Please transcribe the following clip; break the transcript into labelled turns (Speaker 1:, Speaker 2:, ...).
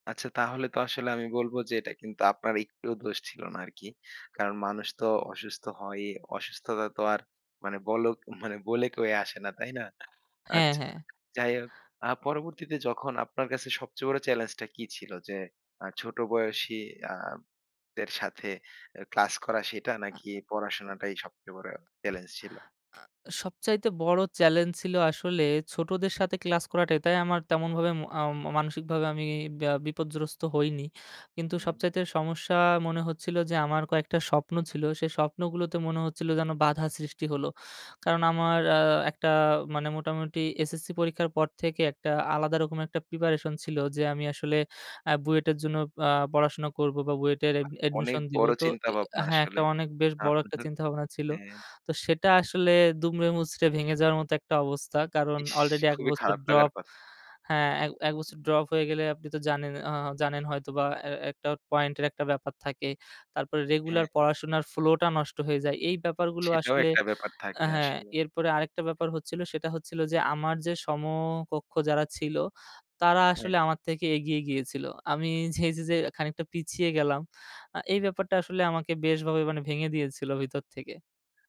Speaker 1: আচ্ছা, তাহলে তো আসলে আমি বলব যে, এটা কিন্তু আপনার একটুও দোষ ছিল না আরকি। কারণ মানুষ তো অসুস্থ হয়ই, অসুস্থতা তো আর মানে বলোক ও মানে বলে কয়ে আসে না, তাই না?
Speaker 2: হ্যাঁ,
Speaker 1: আচ্ছা
Speaker 2: হ্যাঁ।
Speaker 1: যাই হোক, আ পরবর্তীতে যখন আপনার কাছে সবচেয়ে বড় চ্যালেঞ্জ টা কি ছিল? যে, আ ছোট বয়সী আ দের সাথে এ ক্লাস করা সেটা,
Speaker 2: আ
Speaker 1: নাকি পড়াশোনাটাই সবচেয়ে বড় চ্যালেঞ্জ ছিল?
Speaker 2: আ সবচাইতে বড় চ্যালেঞ্জ ছিল আসলে ছোটদের সাথে ক্লাস করাটাই। তাই আমার তেমনভাবে মো আও ম মানসিকভাবে আমি ব্যা বিপর্যস্থ হইনি। কিন্তু
Speaker 1: হুম।
Speaker 2: সবচাইতে সমস্যা মনে হচ্ছিলো যে, আমার কয়েকটা স্বপ্ন ছিল। সেই স্বপ্নগুলোতে মনে হচ্ছিলো যেন বাধা সৃষ্টি হলো। কারণ আমার আ একটা মানে মোটামুটি এসএসসি পরীক্ষার পর থেকে একটা আলাদা রকম একটা প্রিপারেশন ছিল। যে, আমি আসলে আ বুয়েটের জন্য আ পড়াশোনা করবো বা বুয়েটের অ্যাড
Speaker 1: বাহ! অনেক
Speaker 2: admission দিব।
Speaker 1: বড়
Speaker 2: তো
Speaker 1: চিন্তা
Speaker 2: এ এ আ
Speaker 1: ভাবনা
Speaker 2: হ্যাঁ, একটা
Speaker 1: আসলে,
Speaker 2: অনেক বেশ বড় একটা
Speaker 1: আপনার
Speaker 2: চিন্তাভাবনা ছিল।
Speaker 1: হ্যাঁ।
Speaker 2: তো সেটা আসলে দুমড়ে মুচড়ে ভেঙে যাওয়ার মতো একটা অবস্থা। কারণ
Speaker 1: ইস!
Speaker 2: আলরেডি এক
Speaker 1: খুবই
Speaker 2: বছর
Speaker 1: খারাপ লাগার
Speaker 2: ড্রপ
Speaker 1: কথা।
Speaker 2: হ্যাঁ, এক, এক
Speaker 1: হুম।
Speaker 2: বছর ড্রপ হয়ে গেলে আপনি তো জানেন অ জানেন হয়তো বা এ একটা পয়েন্টের একটা ব্যাপার থাকে। তারপরে রেগুলার
Speaker 1: হ্যাঁ।
Speaker 2: পড়াশোনার flow টা নষ্ট হয়ে যায়। এই ব্যাপারগুলো
Speaker 1: সেটাও
Speaker 2: আসলে
Speaker 1: একটা ব্যাপার
Speaker 2: আ
Speaker 1: থাকে
Speaker 2: হ্যাঁ,
Speaker 1: আসলে।
Speaker 2: এরপরে আরেকটা ব্যাপার হচ্ছিল সেটা হচ্ছিল যে, আমার যে, সমকক্ষ যারা ছিল, তারা
Speaker 1: হ্যাঁ।
Speaker 2: আসলে আমার থেকে এগিয়ে গিয়েছিল। আমি এই যে, যে, খানিকটা পিছিয়ে গেলাম। আ এই ব্যাপারটা আসলে আমাকে বেশভাবে মানে ভেঙে দিয়েছিল ভিতর থেকে।